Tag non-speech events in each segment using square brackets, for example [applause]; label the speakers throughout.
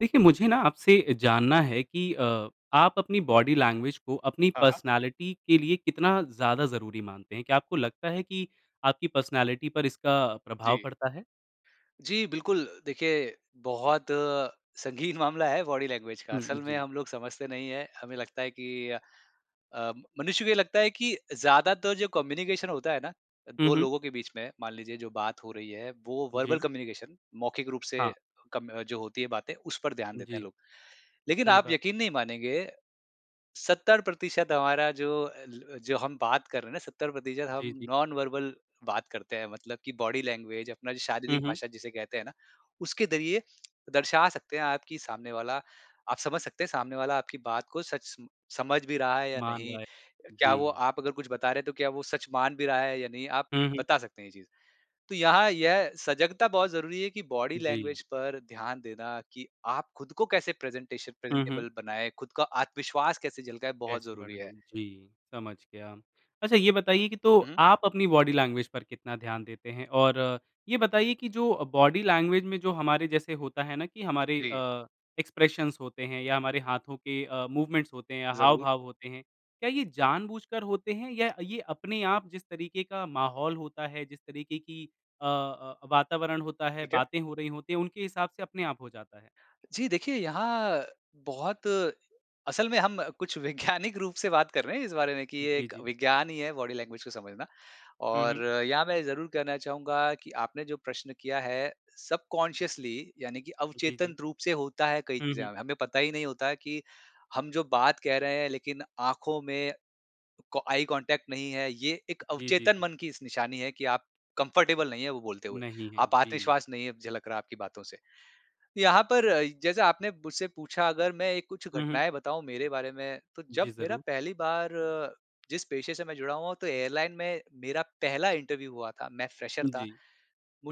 Speaker 1: देखिए मुझे ना आपसे जानना है कि अ, आप अपनी बॉडी लैंग्वेज को अपनी
Speaker 2: हाँ, हाँ।
Speaker 1: पर्सनैलिटी के लिए कितना ज़्यादा ज़रूरी मानते हैं? क्या आपको लगता है कि आपकी पर्सनैलिटी पर इसका प्रभाव
Speaker 2: जी।
Speaker 1: पड़ता है?
Speaker 2: जी, बिल्कुल। देखिए बहुत संगीन मामला है बॉडी लैंग्वेज का।
Speaker 1: हुँ,
Speaker 2: असल में
Speaker 1: जी।
Speaker 2: हम लोग समझते नहीं हैं, हमें लगता है कि अ, अ, मनुष्य को ये लगता है कि ज़्यादातर जो कम्युनिकेशन होता है ना अ,
Speaker 1: हुँ,
Speaker 2: 2
Speaker 1: हुँ।
Speaker 2: लोगों के बीच में मान लीजिए जो बात हो रही है, वो वर्बल
Speaker 1: जी।
Speaker 2: कम्युनिकेशन मौखिक रूप से
Speaker 1: हाँ।
Speaker 2: कम अ, जो होती है बातें उस पर ध्यान देते हैं
Speaker 1: जी।
Speaker 2: लोग। लेकिन
Speaker 1: सही
Speaker 2: आप
Speaker 1: बात।
Speaker 2: यकीन नहीं मानेंगे, 70% हमारा जो अ ल अ, जो हम बात कर रहे हैं ना 70%
Speaker 1: जी,
Speaker 2: हम
Speaker 1: जी।
Speaker 2: नॉन वर्बल बात करते हैं मतलब कि बॉडी लैंग्वेज अपना जो
Speaker 1: हुँ,
Speaker 2: शारीरिक
Speaker 1: हुँ।
Speaker 2: भाषा जिसे कहते हैं ना, उसके ज़रिए दर्शा सकते हैं आप कि सामने वाला आप समझ सकते हैं सामने वाला आपकी बात को सच स समझ भी रहा है या
Speaker 1: मान
Speaker 2: नहीं
Speaker 1: रहा है।
Speaker 2: अ, क्या वो
Speaker 1: जी।
Speaker 2: आप अगर कुछ बता रहे हैं तो क्या वो सच मान भी रहा है या नहीं आप
Speaker 1: हुँ, हुँ।
Speaker 2: बता सकते हैं ये चीज़। तो यहाँ यह सजगता बहुत ज़रूरी है कि बॉडी
Speaker 1: जी।
Speaker 2: लैंग्वेज पर ध्यान देना कि आप खुद को कैसे प्रेज़ेंटेशन
Speaker 1: हुँ, हुँ।
Speaker 2: प्रेज़ेंटेबल बनाएँ, खुद का आत्मविश्वास कैसे झलकाएँ, बहुत
Speaker 1: कैसे
Speaker 2: ज़रूरी है।
Speaker 1: बढ़ाएँ जी, समझ गया। अच्छा ये बताइए कि तो
Speaker 2: हुँ, हुँ।
Speaker 1: आप अपनी बॉडी लैंग्वेज पर कितना ध्यान देते हैं और ये बताइए कि जो अ, बॉडी लैंग्वेज में जो हमारे जैसे होता है ना कि हमारे
Speaker 2: जी।
Speaker 1: अ, एक्सप्रेशन्स होते हैं या हमारे हाथों के अ, मूवमेंट्स होते हैं या
Speaker 2: ज़रूर।
Speaker 1: हाव-भाव होते हैं, क्या ये जानबूझकर होते हैं या ये अपने आप जिस तरीके का माहौल होता है, जिस तरीके की अ अ, वातावरण होता है,
Speaker 2: ठीक है।
Speaker 1: बातें हो रही होती हैं उनके हिसाब से अपने आप हो जाता है?
Speaker 2: जी देखिए यहाँ बहुत असल में हम कुछ वैज्ञानिक रूप से बात कर रहे हैं, इस बारे में कि ये
Speaker 1: जी,
Speaker 2: एक
Speaker 1: जी।
Speaker 2: विज्ञान ही है बॉडी लैंग्वेज को समझना।
Speaker 1: हुँ, हुँ।
Speaker 2: और यहाँ मैं ज़रूर कहना चाहूँगा कि आपने जो प्रश्न किया है सबकॉन्शियसली यानी कि
Speaker 1: जी,
Speaker 2: अवचेतन
Speaker 1: जी।
Speaker 2: रूप से होता है कई
Speaker 1: हुँ,
Speaker 2: चीज़ें
Speaker 1: हुँ।
Speaker 2: हमें। हमें पता ही नहीं होता कि, हम जो बात कह रहे हैं लेकिन आँखों में को आई कॉन्टैक्ट नहीं है। ये एक
Speaker 1: जी, जी,
Speaker 2: अवचेतन
Speaker 1: जी।
Speaker 2: मन की इस निशानी है कि आप कम्फर्टेबल नहीं है वो बोलते हुए,
Speaker 1: नहीं हैं।
Speaker 2: आप
Speaker 1: जी।
Speaker 2: आत्मविश्वास नहीं झलक रहा है आपकी बातों से। यहाँ पर अ इ जैसा आपने मुझसे पूछा अगर मैं एक कुछ
Speaker 1: हुँ, हुँ।
Speaker 2: घटनाएँ बताऊँ मेरे बारे में, तो
Speaker 1: जी
Speaker 2: जब मेरा
Speaker 1: ज़रूर।
Speaker 2: पहली बार जिस पेशे से मैं जुड़ा हुआ हूँ तो एयरलाइन में, मेरा पहला इंटरव्यू हुआ था, मैं फ्रेशर था।
Speaker 1: जी।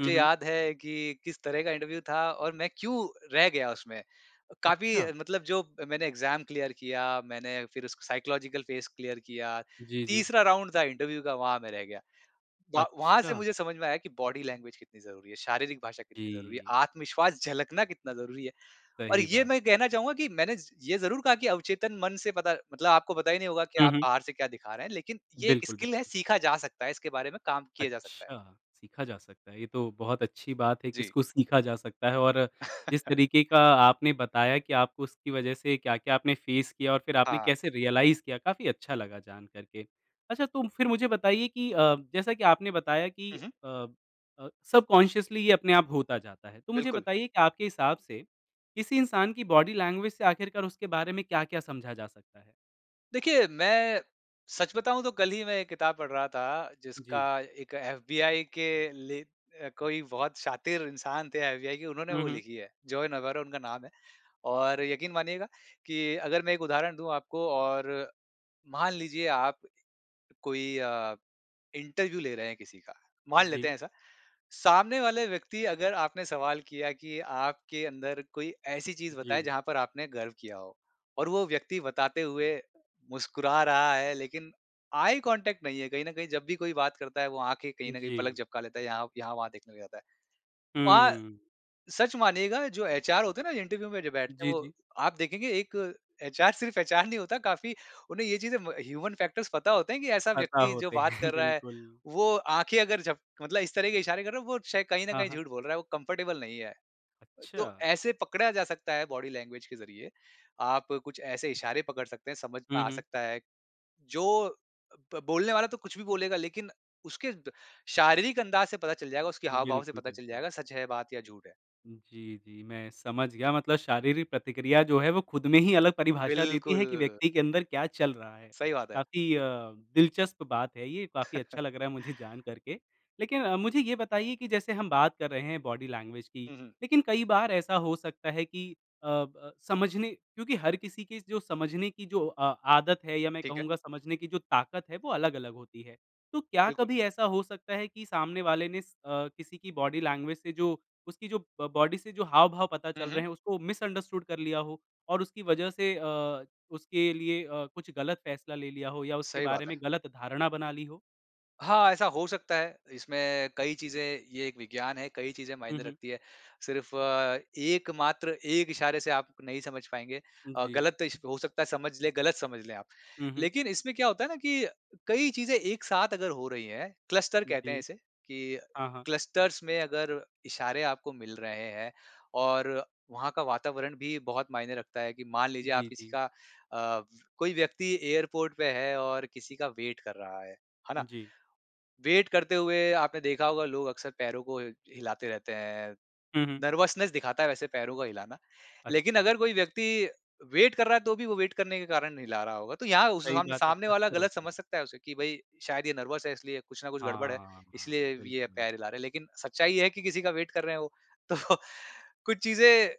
Speaker 1: हुँ, हुँ।
Speaker 2: याद है कि किस तरह का इंटरव्यू था और मैं क्यों रह गया उसमें। काफ़ी
Speaker 1: अच्छा!
Speaker 2: मतलब जो मैंने एग्ज़ाम क्लियर किया, मैंने फिर उसको साइकोलॉजिकल फेस क्लियर किया,
Speaker 1: जी, जी।
Speaker 2: तीसरा राउंड था इंटरव्यू का वहाँ मैं रह गया। व वहाँ से
Speaker 1: अच्छा।
Speaker 2: मुझे समझ में आया कि बॉडी लैंग्वेज कितनी ज़रूरी है, शारीरिक भाषा कितनी ज़रूरी है,
Speaker 1: जी।
Speaker 2: आत्मविश्वास झलकना कितना ज़रूरी है। और
Speaker 1: सही
Speaker 2: ये
Speaker 1: बात
Speaker 2: मैं
Speaker 1: है।
Speaker 2: कहना चाहूँगा कि मैंने ज ये ज़रूर कहा कि अवचेतन मन से पता मतलब आपको पता ही नहीं होगा कि
Speaker 1: हुँ,
Speaker 2: आप
Speaker 1: हुँ।
Speaker 2: बाहर से क्या दिखा रहे हैं, लेकिन ये एक
Speaker 1: बिल्कुल,
Speaker 2: स्किल है,
Speaker 1: बिल्कुल।
Speaker 2: सीखा जा सकता है, इसके बारे में काम किया जा सकता है।
Speaker 1: अच्छा, सीखा जा सकता है। ये तो बहुत अच्छी बात है कि
Speaker 2: जी।
Speaker 1: इसको सीखा जा सकता है और जिस तरीके
Speaker 2: [chuckles]
Speaker 1: का आपने बताया कि आपको उसकी वजह से क्या-क्या आपने फेस किया और फिर आपने
Speaker 2: हाँ।
Speaker 1: कैसे रियलाइज़ किया, काफ़ी अच्छा लगा जान कर के। अच्छा तो फिर मुझे बताइए कि अ, जैसा कि आपने बताया कि
Speaker 2: हुँ, हुँ।
Speaker 1: अ अ, सबकॉन्शियसली ये अपने आप होता जाता है। तो मुझे
Speaker 2: बिल्कुल।
Speaker 1: बताइए कि आपके हिसाब से, किसी इंसान की बॉडी लैंग्वेज से आख़िरकार उसके बारे में क्या-क्या समझा जा सकता है?
Speaker 2: देखिए मैं, सच बताऊँ तो कल ही मैं एक किताब पढ़ रहा था जिसका
Speaker 1: जी।
Speaker 2: एक एफबीआई के ले अ, कोई बहुत शातिर इंसान थे एफबीआई के उन्होंने
Speaker 1: हुँ,
Speaker 2: वो
Speaker 1: हुँ।
Speaker 2: लिखी है जॉन अवेरो उनका नाम है। और यकीन मानिएगा कि अगर मैं एक उदाहरण दूँ आपको और, मान लीजिए आप, कोई अ, इंटरव्यू ले रहे हैं किसी का, मान लेते
Speaker 1: जी।
Speaker 2: हैं ऐसा। सामने वाले व्यक्ति अगर आपने सवाल किया कि आपके अंदर कोई ऐसी चीज़ बताए
Speaker 1: जी।
Speaker 2: जहाँ पर आपने गर्व किया हो और वो व्यक्ति बताते हुए, मुस्कुरा रहा है लेकिन आई कॉन्टैक्ट नहीं है, कहीं न कहीं जब भी कोई बात करता है वो आँखें कहीं न कहीं पलक
Speaker 1: जी।
Speaker 2: झपका लेता है यहाँ यहाँ-वहाँ देखने लग जाता है। वहाँ,
Speaker 1: हुँ।
Speaker 2: सच मानिएगा जो एचआर होते हैं ना, जो इंटरव्यू में जो बैठते हैं
Speaker 1: जी,
Speaker 2: वो,
Speaker 1: जी।
Speaker 2: आप देखेंगे एक एचआर सिर्फ एचआर नहीं होता काफ़ी उन्हें ये चीज़ें म ह्यूमन फैक्टर्स पता होते हैं कि ऐसा
Speaker 1: पता
Speaker 2: व्यक्ति जो
Speaker 1: होते
Speaker 2: बात
Speaker 1: हैं,
Speaker 2: कर रहा है,
Speaker 1: बिल्कुल।
Speaker 2: वो आँखें अगर झप मतलब इस तरह के इशारे कर रहा है वो शाय कहीं न
Speaker 1: हाँ,
Speaker 2: कहीं
Speaker 1: हाँ।
Speaker 2: झूठ बोल रहा है वो कम्फर्टेबल नहीं है। तो
Speaker 1: अच्छा।
Speaker 2: ऐसे पकड़ा जा सकता है बॉडी लैंग्वेज के ज़रिए, आप कुछ ऐसे इशारे पकड़ सकते हैं, समझ में
Speaker 1: हुँ,
Speaker 2: आ
Speaker 1: हुँ।
Speaker 2: सकता है, जो ब बोलने वाला तो कुछ भी बोलेगा लेकिन उसके द शारीरिक अंदाज़ से पता चल जाएगा उसकी हाव-भाव से
Speaker 1: बिल्कुल,
Speaker 2: पता चल
Speaker 1: बिल्कुल।
Speaker 2: जाएगा सच है बात या झूठ है।
Speaker 1: हुँ, जी, जी, मैं समझ गया मतलब शारीरिक प्रतिक्रिया जो है वो खुद में ही अलग परिभाषा देती है कि
Speaker 2: बिल्कुल।
Speaker 1: व्यक्ति के अंदर क्या चल रहा है?
Speaker 2: सही बात है।
Speaker 1: काफ़ी अ, दिलचस्प बात है ये, काफ़ी
Speaker 2: [chuckles]
Speaker 1: अच्छा लग रहा है मुझे जान कर के। लेकिन अ, मुझे ये बताइए कि जैसे हम बात कर रहे हैं बॉडी लैंग्वेज की,
Speaker 2: हुँ, हुँ।
Speaker 1: लेकिन कई बार ऐसा हो सकता है कि अ ब समझने क्योंकि हर किसी के जो समझने की जो अ आदत है या मैं
Speaker 2: ठीक है।
Speaker 1: कहूँगा समझने की जो ताकत है वो अलग-अलग होती है। तो क्या
Speaker 2: बिल्कुल।
Speaker 1: कभी ऐसा हो सकता है कि सामने वाले ने अ, किसी की बॉडी लैंग्वेज से जो उसकी जो ब बॉडी से जो हाव-भाव पता
Speaker 2: हुँ,
Speaker 1: चल रहे
Speaker 2: हुँ।
Speaker 1: हैं उसको मिसअंडरस्टूड कर लिया हो और उसकी वजह से अ, उसके लिए अ, कुछ गलत फैसला ले लिया हो या उसके
Speaker 2: सही
Speaker 1: बारे
Speaker 2: बात है।
Speaker 1: में गलत धारणा बना ली हो?
Speaker 2: हाँ, ऐसा हो सकता है। इसमें कई चीज़ें ये एक विज्ञान है, कई चीज़ें
Speaker 1: हुँ,
Speaker 2: मायने
Speaker 1: हुँ।
Speaker 2: रखती है। सिर्फ़ एक मात्र एक इशारे से आप नहीं समझ पाएँगे अ,
Speaker 1: जी।
Speaker 2: गलत इश हो सकता है समझ लें गलत समझ लें आप।
Speaker 1: हुँ, हुँ।
Speaker 2: लेकिन इसमें क्या होता है ना कि कई चीज़ें एक साथ अगर हो रही हैं, क्लस्टर कहते हैं
Speaker 1: जी।
Speaker 2: इसे कि
Speaker 1: हाँ, हाँ।
Speaker 2: क्लस्टर्स में अगर इशारे आपको मिल रहे हैं और वहाँ का वातावरण भी बहुत मायने लगता है कि मान लीजिए आप
Speaker 1: जी,
Speaker 2: किसी
Speaker 1: जी।
Speaker 2: का अ, कोई व्यक्ति एयरपोर्ट पे है और किसी का वेट कर रहा है, है ना?
Speaker 1: जी।
Speaker 2: वेट करते हुए आपने देखा होगा लोग अक्सर पैरों को हिलाते रहते हैं,
Speaker 1: हुँ, हुँ।
Speaker 2: नर्वसनेस दिखाता है वैसे पैरों का हिलाना, लेकिन
Speaker 1: अच्छा।
Speaker 2: अगर कोई व्यक्ति वेट कर रहा है तो भी वो वेट करने के कारण हिला रहा होगा, तो यहाँ उसे
Speaker 1: सही
Speaker 2: सामने
Speaker 1: बात है,
Speaker 2: सामने वाला
Speaker 1: अक्सर
Speaker 2: गलत
Speaker 1: होता
Speaker 2: समझ
Speaker 1: है।
Speaker 2: सकता है उसे कि भई शायद ये नर्वस है इसलिए कुछ ना कुछ गड़बड़ है,
Speaker 1: हाँ, हाँ,
Speaker 2: इसलिए वी ये
Speaker 1: बिल्कुल।
Speaker 2: पैर हिला रहे हैं, लेकिन सच्चाई है कि किसी का वेट कर रहे हैं वो। तो। कुछ चीज़ें,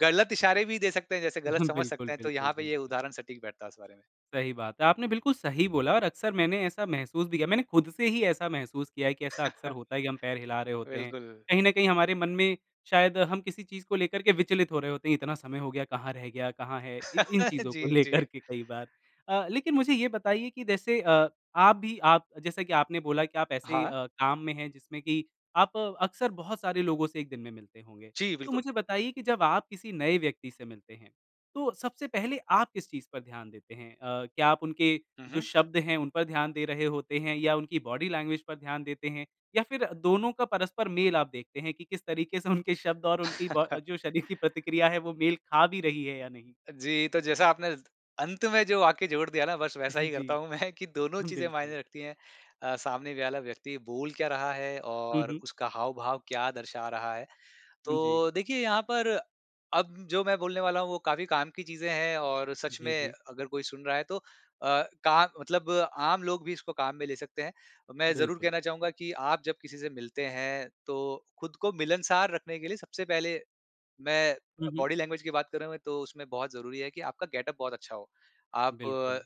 Speaker 2: गलत इशारे भी दे सकते हैं, जैसे गलत
Speaker 1: [chuckles]
Speaker 2: समझ
Speaker 1: बिल्कुल,
Speaker 2: सकते हैं तो
Speaker 1: बिल्कुल,
Speaker 2: यहाँ पे ये
Speaker 1: बिल्कुल।
Speaker 2: उदाहरण सटीक बैठता उस बारे में।
Speaker 1: सही बात है। आपने बिल्कुल सही बोला और अक्सर मैंने ऐसा महसूस भी किया। मैंने खुद से ही ऐसा महसूस किया है कि ऐसा अक्सर
Speaker 2: [chuckles]
Speaker 1: होता है कि हम पैर हिला रहे होते हैं।
Speaker 2: बिल्कुल।
Speaker 1: कहीं न कहीं, हमारे मन में शायद हम किसी चीज़ को लेकर के विचलित हो रहे होते हैं, इतना समय हो गया, कहाँ रह गया, कहाँ है, इ इन
Speaker 2: [chuckles]
Speaker 1: चीज़ों को
Speaker 2: जी,
Speaker 1: लेकर
Speaker 2: जी।
Speaker 1: के कई बार। अ, लेकिन मुझे ये बताइए कि जैसे अ, आप भी आप अ, जैसा कि आपने बोला कि आप ऐसे
Speaker 2: हाँ।
Speaker 1: अ, काम में हैं, जिसमें कि आप अक्सर बहुत सारे लोगों से 1 दिन में मिलते होंगे।
Speaker 2: जी,
Speaker 1: तो
Speaker 2: बिल्कुल।
Speaker 1: मुझे बताइए कि जब आप किसी नए व्यक्ति से मिलते हैं, तो सबसे पहले आप किस चीज़ पर ध्यान देते हैं? अ, क्या आप उनके
Speaker 2: हुँ,
Speaker 1: जो
Speaker 2: हुँ।
Speaker 1: शब्द हैं, उन पर ध्यान दे रहे होते हैं, या उनकी बॉडी लैंग्वेज पर ध्यान देते हैं, या फिर दोनों का परस्पर मेल आप देखते हैं कि किस तरीके से उनके शब्द और उनकी ब अ,
Speaker 2: [chuckles]
Speaker 1: जो शरीर की प्रतिक्रिया है, वो मेल खा भी रही है या नहीं?
Speaker 2: जी, तो जैसा आपने त अंत में जो वाक्य जोड़ दिया ना, बस वैसा ही
Speaker 1: [chuckles] जी।
Speaker 2: करता हूँ मैं, कि दोनों
Speaker 1: [chuckles]
Speaker 2: चीज़ें
Speaker 1: बिल्कुल।
Speaker 2: मायने रखती हैं। अ, सामने वाला व्यक्ति बोल क्या रहा है
Speaker 1: हुँ,
Speaker 2: और
Speaker 1: हुँ।
Speaker 2: उसका हाव-भाव क्या दर्शा रहा है।
Speaker 1: जी।
Speaker 2: तो देखिए, यहाँ पर, अब जो मैं बोलने वाला हूँ, वो काफ़ी काम की चीज़ें हैं और सच
Speaker 1: जी,
Speaker 2: में
Speaker 1: जी।
Speaker 2: अगर कोई सुन रहा है, तो अ, काम मतलब आम लोग भी इसको काम में ले सकते हैं। अ, मैं ज़रूर
Speaker 1: बिल्कुल।
Speaker 2: कहना चाहूँगा कि आप जब किसी से मिलते हैं, तो खुद को मिलनसार रखने के लिए सबसे पहले मैं अ,
Speaker 1: हुँ, हुँ।
Speaker 2: बॉडी लैंग्वेज की बात करूँ मैं, तो उसमें बहुत ज़रूरी है कि आपका गेटअप बहुत अच्छा हो। आप,
Speaker 1: बिल्कुल।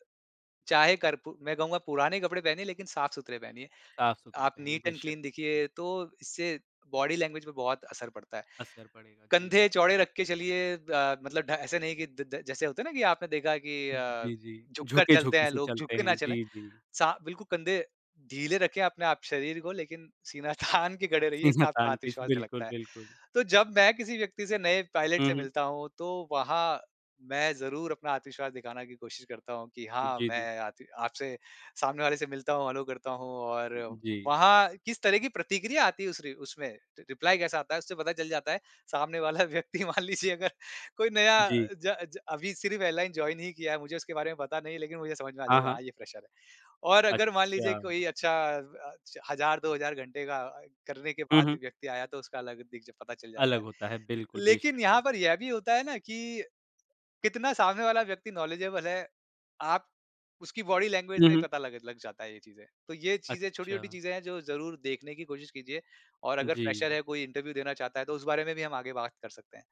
Speaker 2: चाहे करपु मैं कहूँगा, पुराने कपड़े पहनें, लेकिन साफ-सुथरे पहनिए,
Speaker 1: साफ़-सुथरे
Speaker 2: आप
Speaker 1: पहने,
Speaker 2: नीट एंड
Speaker 1: बेशक।
Speaker 2: क्लीन दिखिए, तो इससे बॉडी लैंग्वेज पे बहुत असर पड़ता है।
Speaker 1: असर पड़ेगा, जी।
Speaker 2: कंधे चौड़े रख के चलिए अ, मतलब ढ ऐसा नहीं कि द द जैसे होते हैं ना कि आपने देखा कि अ,
Speaker 1: जी, जी।
Speaker 2: झुककर चलते
Speaker 1: झुके-झुके
Speaker 2: हैं
Speaker 1: से
Speaker 2: लोग,
Speaker 1: चलते
Speaker 2: झुकके ना
Speaker 1: हैं।
Speaker 2: चलें।
Speaker 1: जी, जी।
Speaker 2: सा बिल्कुल कंधे ढीले रखें आपने आप शरीर को, लेकिन सीना तानके खड़े रहिए,
Speaker 1: सीना
Speaker 2: साथ में
Speaker 1: तानके,
Speaker 2: आत्मविश्वास से
Speaker 1: बिल्कुल,
Speaker 2: लगता है।
Speaker 1: बिल्कुल।
Speaker 2: तो जब मैं किसी व्यक्ति से, नए पायलट
Speaker 1: हुँ,
Speaker 2: से
Speaker 1: हुँ।
Speaker 2: मिलता हूँ, तो वहाँ मैं ज़रूर अपना आत्मविश्वास दिखाना की कोशिश करता हूँ कि हाँ,
Speaker 1: जी, जी।
Speaker 2: मैं आती आपसे सामने वाले से मिलता हूँ, हैलो करता हूँ और
Speaker 1: जी।
Speaker 2: वहाँ किस तरह की प्रतिक्रिया आती है, उस रि उसमें रि रिप्लाई कैसा आता है, उससे पता चल जाता है। सामने वाला व्यक्ति मान लीजिए अगर कोई नया
Speaker 1: जी।
Speaker 2: ज ज अभी सिर्फ़ एयरलाइन जॉइन ही किया है, मुझे उसके बारे में पता नहीं, लेकिन मुझे समझ में आ
Speaker 1: हाँ,
Speaker 2: जाएगा,
Speaker 1: हाँ।
Speaker 2: हाँ, ये फ़्रेशर है। और अगर मान लीजिए,
Speaker 1: अच्छा।
Speaker 2: कोई अच्छा व अच्छ 1000-2000 घंटे का अए करने के
Speaker 1: हुँ,
Speaker 2: बाद,
Speaker 1: हुँ।
Speaker 2: व्यक्ति आया, तो उसका अलग दिख ज पता चल जाता
Speaker 1: अलग
Speaker 2: है।
Speaker 1: होता है, बिल्कुल, बेशक,
Speaker 2: लेकिन यहाँ पर
Speaker 1: बेशक।
Speaker 2: यह भी होता है ना कि कितना सामने वाला व्यक्ति नॉलेजेबल है। आप उसकी बॉडी लैंग्वेज
Speaker 1: हुँ,
Speaker 2: से ही
Speaker 1: हुँ।
Speaker 2: पता लग लग जाता है ये चीज़ें। तो ये चीज़ें छोटी-छोटी
Speaker 1: अच्छा।
Speaker 2: चीज़ें हैं, जो ज़रूर देखने की कोशिश कीजिए, और अगर फ़्रेशर
Speaker 1: जी।
Speaker 2: है, कोई इंटरव्यू देना चाहता है, तो उस बारे में भी हम आगे बात कर सकते हैं।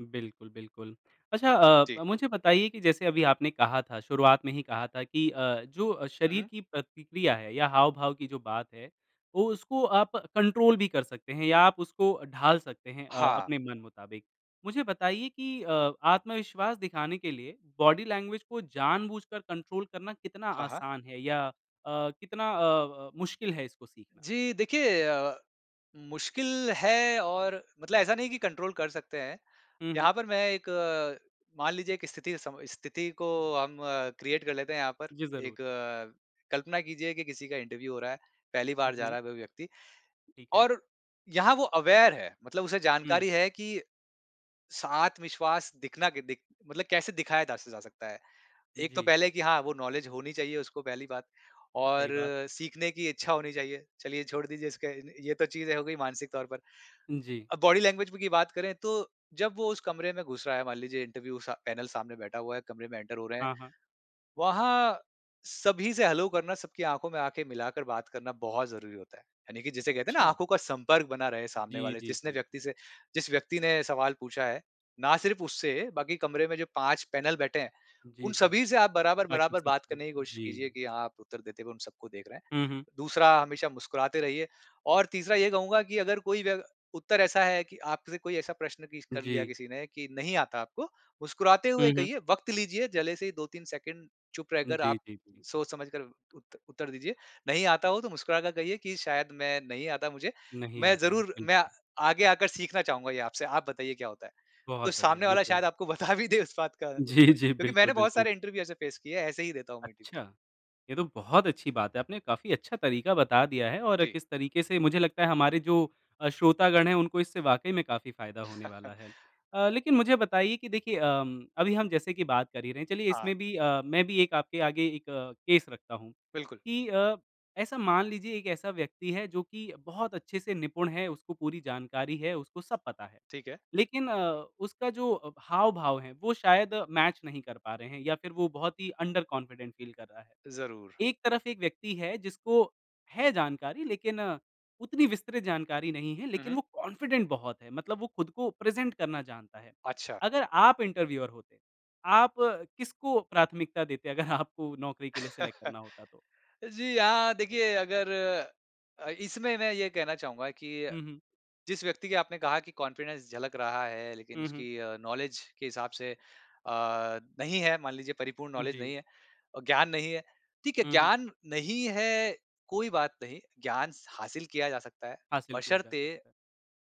Speaker 1: बिल्कुल बिल्कुल। अच्छा
Speaker 2: जी।
Speaker 1: अ मुझे बताइए कि जैसे अभी आपने कहा था शुरुआत में ही कहा था कि अ, जो
Speaker 2: हुँ,
Speaker 1: शरीर
Speaker 2: हुँ।
Speaker 1: की प्रतिक्रिया है या हाव-भाव की जो बात है, वो उसको आप कंट्रोल भी कर सकते हैं या आप उसको ढाल सकते हैं अ,
Speaker 2: हाँ।
Speaker 1: अपने मन मुताबिक। मुझे बताइए कि अ आत्मविश्वास दिखाने के लिए बॉडी लैंग्वेज को जानबूझकर कंट्रोल करना कितना
Speaker 2: हाँ, हाँ।
Speaker 1: आसान है या अ, कितना अ अ, मुश्किल है इसको सीखना?
Speaker 2: जी देखिए अ, मुश्किल है और मतलब ऐसा नहीं है कि कंट्रोल कर सकते हैं।
Speaker 1: हुँ, हुँ।
Speaker 2: यहाँ पर मैं एक मान लीजिए एक स्थिति से सम स्थिति को हम क्रिएट कर लेते हैं यहाँ पर।
Speaker 1: जी
Speaker 2: एक
Speaker 1: ज़रूर।
Speaker 2: कल्पना कीजिए कि किसी का इंटरव्यू हो रहा है पहली बार जा
Speaker 1: जी।
Speaker 2: रहा है वो व्यक्ति।
Speaker 1: ठीक है।
Speaker 2: और यहाँ वो अवेयर है मतलब उसे
Speaker 1: हुँ।
Speaker 2: जानकारी है कि स आत्मविश्वास दिखना कि दिक मतलब कैसे दिखाया दा स जा सकता है। एक तो
Speaker 1: जी।
Speaker 2: पहले कि हाँ वो नॉलेज होनी चाहिए उसको पहली बात और
Speaker 1: सही बात।
Speaker 2: सीखने की इच्छा होनी चाहिए। चलिए छोड़ दीजिए इसका इन ये तो चीज़ें हो गई मानसिक तौर पर
Speaker 1: जी।
Speaker 2: अ, बॉडी लैंग्वेज की बात करें तो जब वो उस कमरे में घुस रहा है मान लीजिए इंटरव्यू सा पैनल सामने बैठा हुआ है कमरे में एंटर हो रहे हैं।
Speaker 1: हाँ, हाँ।
Speaker 2: वहाँ सभी से हेलो करना सबकी आँखों में आँखे मिलाकर बात करना बहुत ज़रूरी होता है। यानि कि जैसे कहते हैं ना
Speaker 1: अच्छा।
Speaker 2: आँखों का संपर्क बना रहे हैं सामने
Speaker 1: जी,
Speaker 2: वाले
Speaker 1: जी,
Speaker 2: जिस ने
Speaker 1: जी,
Speaker 2: व्यक्ति
Speaker 1: जी।
Speaker 2: से जिस व्यक्ति ने सवाल पूछा है ना सिर्फ़ उससे बाकी कमरे में जो 5 पैनल बैठे हैं
Speaker 1: जी,
Speaker 2: उन
Speaker 1: जी।
Speaker 2: सभी से आप
Speaker 1: बाकी
Speaker 2: बराबर-बराबर
Speaker 1: सब
Speaker 2: बात
Speaker 1: से।
Speaker 2: करने की कोशिश कीजिए
Speaker 1: जी।
Speaker 2: कि आप उत्तर देते हुए उन सबको देख रहे हैं
Speaker 1: हुँ, हुँ।
Speaker 2: दूसरा हमेशा मुस्कुराते रहिए और तीसरा ये कहूँगा कि अगर कोई व उत्तर ऐसा है कि आपसे कोई ऐसा प्रश्न किस कर लिया
Speaker 1: जी।
Speaker 2: किसी ने कि नहीं आता आपको मुस्कुराते
Speaker 1: हुँ,
Speaker 2: हुए
Speaker 1: हुँ।
Speaker 2: कहिए वक़्त लीजिए जले से ही 2-3 सेकंड चुप रहकर
Speaker 1: जी,
Speaker 2: आप
Speaker 1: जी, जी।
Speaker 2: सोच-समझ कर उत्त उत्तर दीजिए। नहीं आता हो तो मुस्कुराकर कहिए कि शायद मैं नहीं आता मुझे,
Speaker 1: नहीं
Speaker 2: मैं
Speaker 1: आता है,
Speaker 2: ज़रूर मैं
Speaker 1: बिल्कुल।
Speaker 2: आगे आकर सीखना चाहूँगा ये आपसे। आप बताइए क्या होता है? तो
Speaker 1: बहुत बढ़िया
Speaker 2: सामने
Speaker 1: ये
Speaker 2: वाला
Speaker 1: तो।
Speaker 2: शायद आपको बता भी दे उस बात का उत्तर
Speaker 1: जी, जी।
Speaker 2: क्योंकि
Speaker 1: बिल्कुल,
Speaker 2: मैंने बहुत
Speaker 1: बिल्कुल।
Speaker 2: सारे इंटरव्यू ऐसे फेस किए हैं। ऐसे ही देता हूँ इंटरव्यू
Speaker 1: अच्छा। ये तो बहुत अच्छी बात है आपने काफ़ी अच्छा तरीक़ा बता दिया है और
Speaker 2: जी।
Speaker 1: किस तरीक़े से मुझे लगता है हमारे जो अ, श्रोतागण हैं उनको इससे वाक़ई में काफ़ी फ़ायदा होने वाला है।
Speaker 2: [chuckles]
Speaker 1: अ, लेक़िन मुझे बताइए कि देखिए अम अभी हम जैसे कि बात कर ही रहे हैं चलिए
Speaker 2: हाँ।
Speaker 1: इसमें भी अ, मैं भी एक आपके आगे एक केस रखता हूँ
Speaker 2: बिल्कुल।
Speaker 1: कि अ, ऐसा मान लीजिए एक ऐसा व्यक्ति है जो कि बहुत अच्छे से निपुण है उसको पूरी जानकारी है, उसको सब पता है।
Speaker 2: ठीक है।
Speaker 1: लेक़िन अ, उसका जो अ, हाव-भाव हैं वो शायद मैच नहीं कर पा रहे हैं या फ़िर वो बहुत ही अंडर कॉन्फिडेंट फ़ील कर रहा है।
Speaker 2: ज़रूर।
Speaker 1: एक तरफ़ एक व्यक्ति है जिसको है जानकारी लेक़िन, उतनी विस्तृत जानकारी नहीं है
Speaker 2: हुँ,
Speaker 1: लेक़िन
Speaker 2: हुँ।
Speaker 1: वो कॉन्फिडेंट बहुत है मतलब वो ख़ुद को प्रेज़ेंट करना जानता है।
Speaker 2: अच्छा।
Speaker 1: अगर आप इंटरव्यूअर होते, आप किसको प्राथमिकता देते अगर आपको नौकरी के लिए सिलेक्ट
Speaker 2: [chuckles] अ,
Speaker 1: करना होता तो?
Speaker 2: जी हाँ देखिए अगर अ, इसमें मैं ये कहना चाहूँगा कि
Speaker 1: हुँ, हुँ।
Speaker 2: जिस व्यक्ति के आपने कहा कि कॉन्फिडेंस झलक रहा है लेक़िन
Speaker 1: हुँ, हुँ।
Speaker 2: उसकी अ, नॉलेज के हिसाब से अ, नहीं है मान लीजिए परिपूर्ण नॉलेज
Speaker 1: जी।
Speaker 2: नहीं है। अ, ज्ञान नहीं है। ठीक है,
Speaker 1: हुँ, हुँ।
Speaker 2: ज्ञान नहीं है कोई बात नहीं ज्ञान स हासिल किया जा सकता है,
Speaker 1: हासिल किया जा
Speaker 2: बशर्ते
Speaker 1: सकता है।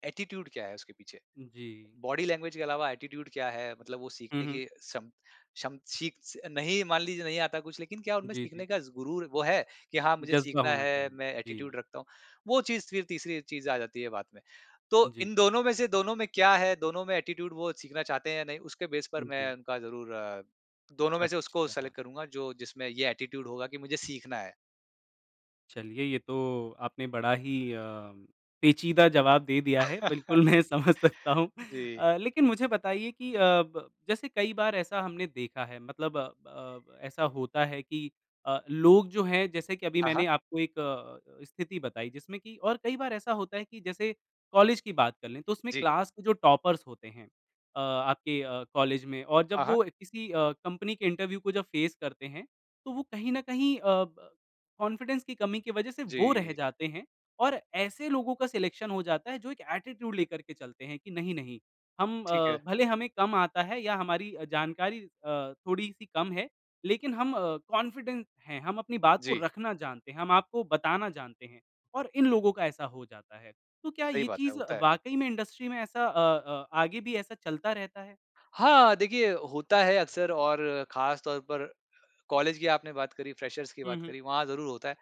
Speaker 2: एटीट्यूड क्या है उसके पीछे?
Speaker 1: जी।
Speaker 2: बॉडी लैंग्वेज के अलावा एटीट्यूड क्या है मतलब वो
Speaker 1: हुँ,
Speaker 2: सीखने
Speaker 1: हुँ।
Speaker 2: की क्षम, क्षम सीख स नहीं मान लीजिए नहीं आता कुछ लेक़िन क्या उनमें
Speaker 1: जी,
Speaker 2: सीखने
Speaker 1: जी।
Speaker 2: का ज़ गुरुर वो है कि हाँ, मुझे
Speaker 1: जज़बा
Speaker 2: सीखना
Speaker 1: होना
Speaker 2: है
Speaker 1: चाहिए।
Speaker 2: मैं एटीट्यूड
Speaker 1: जी।
Speaker 2: रखता हूँ वो चीज़ फ़िर तीसरी चीज़ आ जाती है बात में। तो
Speaker 1: जी।
Speaker 2: इन दोनों में से दोनों में क्या है, दोनों में एटीट्यूड वो सीखना चाहते हैं या नहीं उसके बेस पर मैं
Speaker 1: जी।
Speaker 2: उनका ज़रूर दोनों में से उसको
Speaker 1: अच्छा।
Speaker 2: सेलेक्ट करूँगा जो जिसमें ये एटीट्यूड होगा कि मुझे सीखना है।
Speaker 1: चलिए, ये तो आपने बड़ा ही अम, पेंचीदा जवाब दे दिया है। बिल्कुल मैं समझ सकता
Speaker 2: [chuckles]
Speaker 1: हूँ।
Speaker 2: जी।
Speaker 1: अ, लेकिन मुझे बताइए कि अ, ब जैसे कई बार ऐसा हमने देखा है मतलब ब अ, ऐसा होता है कि अ, लोग जो हैं जैसे कि अभी
Speaker 2: हाँ, हाँ।
Speaker 1: मैंने आपको एक अ अ, स्थिति बताई जिसमें कि और कई बार ऐसा होता है कि जैसे कॉलेज की बात कर लें, तो उसमें
Speaker 2: जी।
Speaker 1: क्लास के जो टॉपर्स होते हैं अ, आपके अ, कॉलेज में और
Speaker 2: हाँ,
Speaker 1: जब
Speaker 2: हाँ।
Speaker 1: वो अ, किसी अ, कंपनी के इंटरव्यू को जब फ़ेस करते हैं, तो वो कहीं न कहीं अ, ब कॉन्फिडेंस की कमी की वजह से वो रह
Speaker 2: जी।
Speaker 1: जाते हैं और ऐसे लोगों का सिलेक्शन हो जाता है जो एक एटीट्यूड लेकर के चलते हैं कि नहीं, नहीं, हम
Speaker 2: ठीक
Speaker 1: अ,
Speaker 2: है।
Speaker 1: भले हमें कम आता है या हमारी अ, जानकारी अ, थोड़ी-सी कम है, लेकिन हम अ, कॉन्फिडेंट हैं, हम अपनी बात को
Speaker 2: जी।
Speaker 1: रखना जानते हैं, हम आपको बताना जानते हैं और इन लोगों का ऐसा हो जाता है। तो क्या
Speaker 2: सही
Speaker 1: ये
Speaker 2: बात है,
Speaker 1: चीज़
Speaker 2: होता है।
Speaker 1: वाक़ई में इंडस्ट्री में ऐसा अ अ, आगे भी ऐसा चलता रहता है?
Speaker 2: हाँ, देखिए होता है अक्सर और खास तौर पर कॉलेज की आपने बात करी, फ्रेशर्स की
Speaker 1: हुँ,
Speaker 2: बात
Speaker 1: हुँ।
Speaker 2: करी, वहाँ ज़रूर होता है।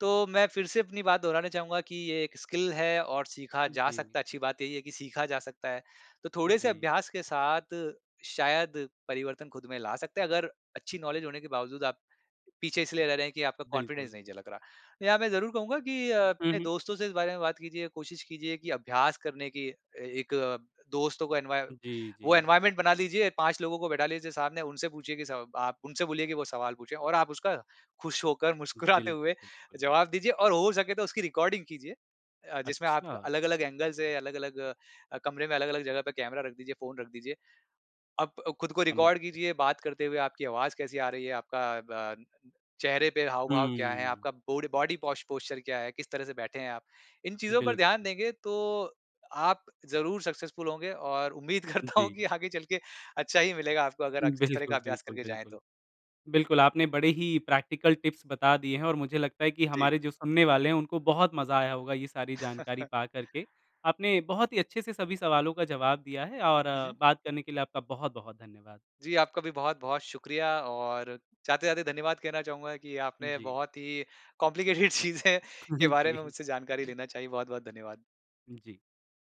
Speaker 2: तो मैं फिर से अपनी बात दोहराना चाहूँगा कि ये 1 स्किल है और सीखा जा
Speaker 1: जी।
Speaker 2: सकता है, अच्छी बात यही है कि सीखा जा सकता है। तो थोड़े-से
Speaker 1: जी।
Speaker 2: अभ्यास के साथ, शायद परिवर्तन खुद में ला सकते हैं। अगर अच्छी नॉलेज होने के बावजूद आप, पीछे इसलिए रह रहे हैं कि आपका कॉन्फिडेंस
Speaker 1: बिल्कुल।
Speaker 2: नहीं झलक रहा। यहाँ मैं ज़रूर कहूँगा कि अ,
Speaker 1: हुँ,
Speaker 2: अपने
Speaker 1: हुँ।
Speaker 2: दोस्तों से इस बारे में बात कीजिए, कोशिश कीजिए कि अभ्यास करने की अ, एक दोस्तों को एनवाय
Speaker 1: जी,
Speaker 2: वो
Speaker 1: जी।
Speaker 2: एनवायरनमेंट बना लीजिए, 5 लोगों को बैठा लीजिए सामने, उनसे पूछिए कि स आप उनसे बोलिए कि वो सवाल पूछें और आप उसका खुश होकर, मुस्कुराते हुए
Speaker 1: बिल्कुल।
Speaker 2: जवाब दीजिए और हो सके तो उसकी रिकॉर्डिंग कीजिए। अ, जिसमें आपका
Speaker 1: अच्छा।
Speaker 2: अलग-अलग एंगल से, अलग-अलग अ, कमरे में अलग-अलग जगह पे कैमरा रख दीजिए, फ़ोन रख दीजिए। अब खुद को
Speaker 1: समझ
Speaker 2: रिकॉर्ड
Speaker 1: गया।
Speaker 2: कीजिए बात करते हुए आपकी आवाज़ कैसी आ रही है, आपका बान चेहरे पे हाव-भाव क्या हैं,
Speaker 1: हुँ।
Speaker 2: आपका बोड बॉडी पोस पोस्चर क्या है, किस तरह से बैठे हैं आप, इन चीज़ों पर ध्यान
Speaker 1: बिल्कुल।
Speaker 2: देंगे तो, अ आप ज़रूर सक्सेसफुल होंगे और उम्मीद करता हूँ
Speaker 1: जी।
Speaker 2: कि आगे चल के, अच्छा ही मिलेगा आपको अगर अ,
Speaker 1: उँ,
Speaker 2: इस तरह का
Speaker 1: बिल्कुल,
Speaker 2: अभ्यास
Speaker 1: बिल्कुल,
Speaker 2: करके जाएँ
Speaker 1: बिल्कुल।
Speaker 2: तो।
Speaker 1: बिल्कुल आपने बड़े ही प्रैक्टिकल टिप्स बता दिए हैं और मुझे लगता है कि
Speaker 2: जी।
Speaker 1: हमारे जो सुनने वाले हैं उनको बहुत मज़ा आया होगा ये सारी जानकारी
Speaker 2: [chuckles]
Speaker 1: पा कर के। आपने बहुत ही अच्छे-से सभी सवालों का जवाब दिया है और
Speaker 2: हुँ, हुँ।
Speaker 1: बात करने के लिए आपका बहुत-बहुत धन्यवाद।
Speaker 2: जी आपका भी बहुत-बहुत शुक्रिया और जाते-जाते धन्यवाद कहना चाहूँगा कि आपने
Speaker 1: जी।
Speaker 2: बहुत ही कॉम्प्लिकेटेड चीज़ें के
Speaker 1: [chuckles]
Speaker 2: बारे में
Speaker 1: जी।
Speaker 2: मुझसे जानकारी लेना चाही, बहुत-बहुत धन्यवाद।
Speaker 1: जी।